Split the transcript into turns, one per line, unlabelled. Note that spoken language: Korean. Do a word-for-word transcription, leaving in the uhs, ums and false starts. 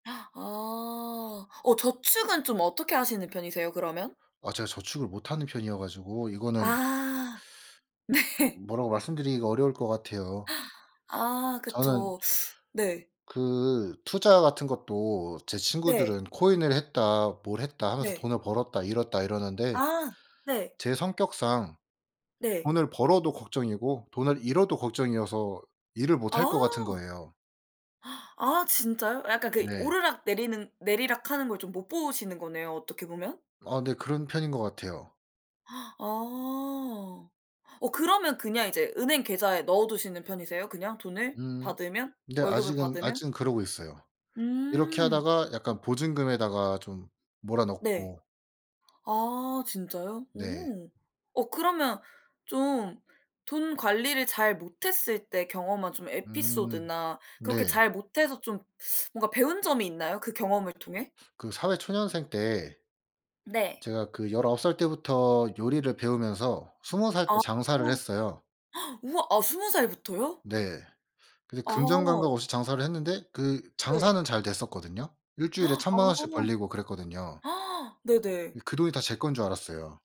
아. 어 저축은 좀 어떻게 하시는 편이세요 그러면?
아 제가 저축을 못하는 편이어 가지고 이거는
아. 네.
뭐라고 말씀드리기가 어려울 것 같아요.
아
저는
그쵸. 네.
그 투자 같은 것도 제
네.
친구들은 "코인을 했다. 뭘 했다." 하면서
네.
"돈을 벌었다. 잃었다." 이러는데
아. 네.
제 성격상
네.
돈을 벌어도 걱정이고 돈을 잃어도 걱정이어서 일을 못 할 거 같은
아.
거예요.
아 진짜요? 약간 그
네.
오르락 내리는 내리락 하는 걸 좀 못 보시는 거네요 어떻게 보면?
아 네. 그런 편인 거 같아요.
아. 어 그러면 그냥 이제 은행 계좌에 넣어두시는 편이세요? 그냥 돈을
음.
받으면
네
월급을
아직은
받으면?
아직은 그러고 있어요. 이렇게
음.
하다가 약간 보증금에다가 좀 몰아
네.
넣고.
아 진짜요?
네.
오. 어 그러면 좀 돈 관리를 잘 못했을 때 경험한 좀
음.
에피소드나 그렇게
네.
잘 못해서 좀 뭔가 좀 배운 점이 있나요? 그 경험을 통해?
그 사회 초년생 때
네.
제가 그 열아홉 살 때부터 요리를 배우면서 스무 살 때
아.
장사를
우와.
했어요.
우와. 아 스무 살부터요?
네. 그래서 금전 감각
아.
없이 장사를 했는데 그
네.
장사는 잘 됐었거든요. 일 주일에 천 만원씩 벌리고 그랬거든요.
아. 네네.
예 그 돈이 다 제 건 줄 알았어요.